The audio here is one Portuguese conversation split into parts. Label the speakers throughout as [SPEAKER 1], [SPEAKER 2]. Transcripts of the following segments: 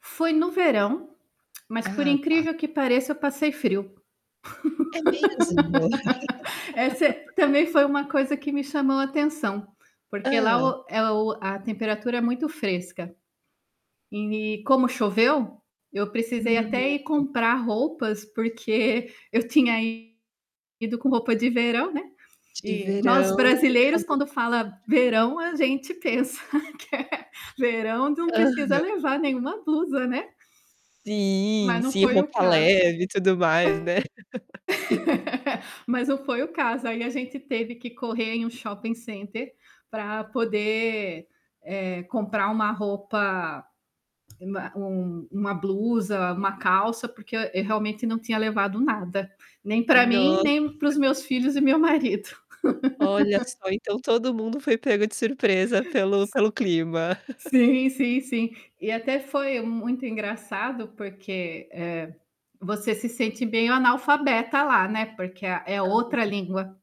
[SPEAKER 1] Foi no verão, mas por
[SPEAKER 2] Ah, tá.
[SPEAKER 1] incrível que pareça eu passei frio.
[SPEAKER 2] É mesmo.
[SPEAKER 1] Essa é também foi uma coisa que me chamou atenção, porque lá
[SPEAKER 2] Hã.
[SPEAKER 1] o é o-a temperatura é muito fresca. E como choveu, eu precisei até ir
[SPEAKER 2] Hã.
[SPEAKER 1] comprar roupas porque eu tinha ido com roupa de verão, né.
[SPEAKER 2] De
[SPEAKER 1] E nós,
[SPEAKER 2] verão e
[SPEAKER 1] brasileiros,
[SPEAKER 2] calor
[SPEAKER 1] quando fala "verão"
[SPEAKER 2] bastante,
[SPEAKER 1] a
[SPEAKER 2] né.
[SPEAKER 1] gente pensa que é verão não precisa
[SPEAKER 2] Aham.
[SPEAKER 1] levar nenhuma blusa, né.
[SPEAKER 2] Sim,
[SPEAKER 1] Mas não
[SPEAKER 2] sim,
[SPEAKER 1] foi o
[SPEAKER 2] roupa
[SPEAKER 1] caso.
[SPEAKER 2] leve e tudo mais, né.
[SPEAKER 1] Hum, mas não foi o caso, aí a gente teve que correr em um shopping center para poder eh, comprar uma roupa uma um uma blusa, uma calça, porque eu eu realmente não tinha levado nada. Nem para mim,
[SPEAKER 2] Nossa.
[SPEAKER 1] nem para os meus filhos e meu marido.
[SPEAKER 2] Olha só, então todo mundo foi pego de surpresa pelo pelo clima.
[SPEAKER 1] Sim, sim, sim. E até foi muito engraçado, porque, eh, você, se sente meio analfabeta lá, né, porque é,
[SPEAKER 2] Hã.
[SPEAKER 1] outra língua.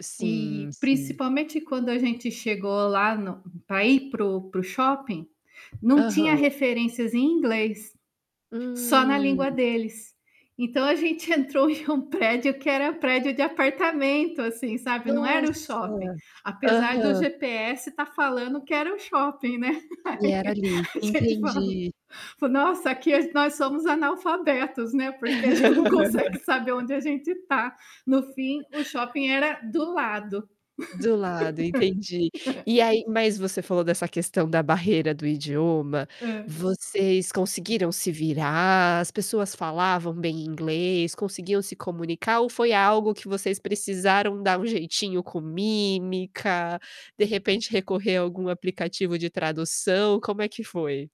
[SPEAKER 2] Sim,
[SPEAKER 1] E
[SPEAKER 2] sim.
[SPEAKER 1] principalmente quando a gente chegou lá no para ir para o, para o shopping, não tinha
[SPEAKER 2] Aham.
[SPEAKER 1] referências em inglês, só na
[SPEAKER 2] Hum.
[SPEAKER 1] língua deles. Então a gente entrou em um prédio que era prédio de apartamento assim, sabe, não era o
[SPEAKER 2] Nossa,
[SPEAKER 1] shopping. Apesar do
[SPEAKER 2] aham.
[SPEAKER 1] GPS estar falando que era o shopping, né.
[SPEAKER 2] E era ali,
[SPEAKER 1] A gente falou
[SPEAKER 2] entendi.
[SPEAKER 1] falou: "Nossa, aqui nós somos analfabetos, né, porque a gente não consegue saber onde a gente está." No fim, o shopping era do lado.
[SPEAKER 2] Do lado, entendi. E aí mas você falou dessa questão da barreira do idioma,
[SPEAKER 1] Hã.
[SPEAKER 2] vocês conseguiram se virar, as pessoas falavam bem inglês, conseguiam se comunicar ou foi algo que vocês precisaram dar um jeitinho com mímica, de repente, recorrer a algum aplicativo de tradução. Como é que foi?